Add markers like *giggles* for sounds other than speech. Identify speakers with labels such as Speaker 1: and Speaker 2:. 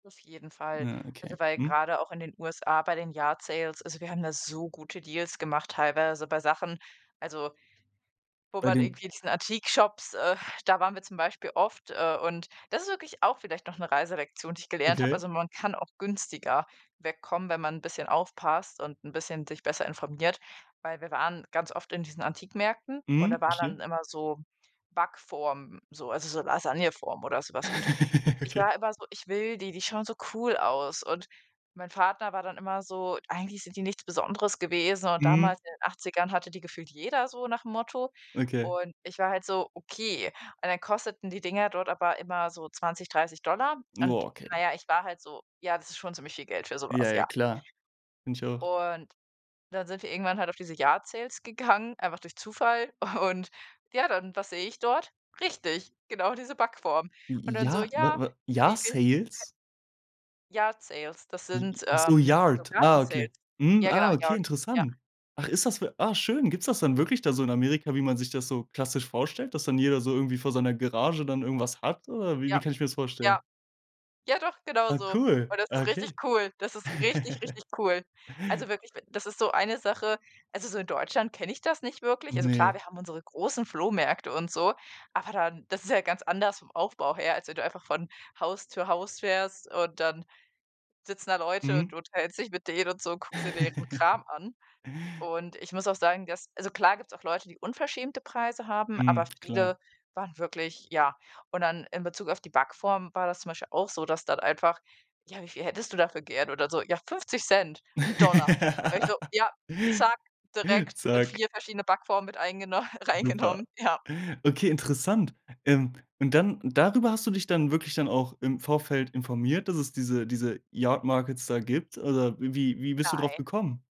Speaker 1: Auf jeden Fall.
Speaker 2: Ja, okay,
Speaker 1: Also, weil
Speaker 2: mhm.
Speaker 1: grade auch in den USA bei den Yard Sales also, wir haben da so gute Deals gemacht, teilweise bei Sachen, also wo
Speaker 2: Bei
Speaker 1: man
Speaker 2: den
Speaker 1: irgendwie diesen Antik-Shops äh, da waren wir zum Beispiel oft, äh, und das ist wirklich auch vielleicht noch 'ne Reiselektion, die ich gelernt habe.
Speaker 2: Okay.
Speaker 1: Also, man kann auch günstiger wegkommen, wenn man 'n bisschen aufpasst und 'n bisschen sich besser informiert. Weil wir waren ganz oft in diesen Antikmärkten und da
Speaker 2: Mhm,
Speaker 1: waren
Speaker 2: verstehe.
Speaker 1: dann immer so Backformen, so also, so Lasagne-Form oder so was. Und
Speaker 2: *giggles*
Speaker 1: ich
Speaker 2: Okay.
Speaker 1: war immer so: „Ich will die, die schauen so cool aus.“ Und mein Vater war dann immer so: „Eigentlich sind die nichts Besonderes gewesen und
Speaker 2: Mhm.
Speaker 1: damals in den 80ern hatte die gefühlt jeder“ so nach'm Motto.
Speaker 2: Okay.
Speaker 1: Und ich war halt so: „Okay.“ Und dann kosteten die Dinger dort aber immer so 20, 30 $ und,
Speaker 2: Boah,
Speaker 1: na
Speaker 2: okay.
Speaker 1: ja, ich war halt so: „Ja, das ist schon ziemlich viel Geld für so
Speaker 2: Ja,
Speaker 1: was“,
Speaker 2: ja,
Speaker 1: ja.
Speaker 2: klar. Finde ich auch.
Speaker 1: Und dann sind wir irgendwann halt auf diese Yard Sales gegangen, einfach durch Zufall und, ja, dann, was sehe ich dort? Richtig, genau, diese Backform
Speaker 2: J
Speaker 1: und
Speaker 2: j
Speaker 1: dann so:
Speaker 2: ja, ne,
Speaker 1: „Ja,
Speaker 2: w
Speaker 1: wie viel k”
Speaker 2: Jahr-Sales?
Speaker 1: Yard Sales, das
Speaker 2: J
Speaker 1: sind,
Speaker 2: ach so,
Speaker 1: ähm, so
Speaker 2: Yard, ah, okay.
Speaker 1: Garten-Sales.
Speaker 2: Mhm,
Speaker 1: Ja, genau,
Speaker 2: ah, okay,
Speaker 1: Yard, ja.
Speaker 2: interessant. Ach, ist das w ah, schön. Gibt's das dann wirklich da so in Amerika, wie man sich das so klassisch vorstellt, dass dann jeder so irgendwie vor seiner Garage dann irgendwas hat? Oder wie wie
Speaker 1: Ja.
Speaker 2: kann ich mir das
Speaker 1: Ja.
Speaker 2: vorstellen?
Speaker 1: Ja, doch,
Speaker 2: Ah,
Speaker 1: genauso.
Speaker 2: cool.
Speaker 1: Und das
Speaker 2: Ah,
Speaker 1: ist
Speaker 2: okay.
Speaker 1: richtig cool. Das ist richtig,
Speaker 2: *chuckles*
Speaker 1: richtig cool. Also, wirklich, das ist so eine Sache Also, so, in Deutschland kenne ich das nicht wirklich. Also, klar,
Speaker 2: Ne.
Speaker 1: wir haben unsere großen Flohmärkte und so, aber dann das ist ja ganz anders vom Aufbau her, als wenn du einfach von Haus zu Haus fährst und dann sitzen da Leute und
Speaker 2: Mhm.
Speaker 1: du unterhältst dich mit denen und so und guckst dir deren Kram
Speaker 2: *chuckles*
Speaker 1: an. Und ich muss auch sagen, dass also, klar gibt's auch Leute, die unverschämte Preise haben, aber
Speaker 2: Mhm, klar.
Speaker 1: viele waren wirklich ja. Und dann in Bezug auf die Backform war das zum Beispiel auch so, dass dann einfach „ja, wie viel hättest du dafür gern?“ Und dann so: „Ja, 50 Cent, 1 Dollar.“ War ich nur:
Speaker 2: *laughs*
Speaker 1: „Ja, zack, direkt, äh,
Speaker 2: Zack.
Speaker 1: 4 verschiedene Backformen mit eingeno
Speaker 2: Super.
Speaker 1: reingenommen“, ja.
Speaker 2: *chuckles* Okay, interessant, ähm, und dann darüber hast du dich dann wirklich dann auch im Vorfeld informiert, dass es diese diese Yard Markets da gibt? Oder w wie wie bist du drauf
Speaker 1: Nein.
Speaker 2: gekommen?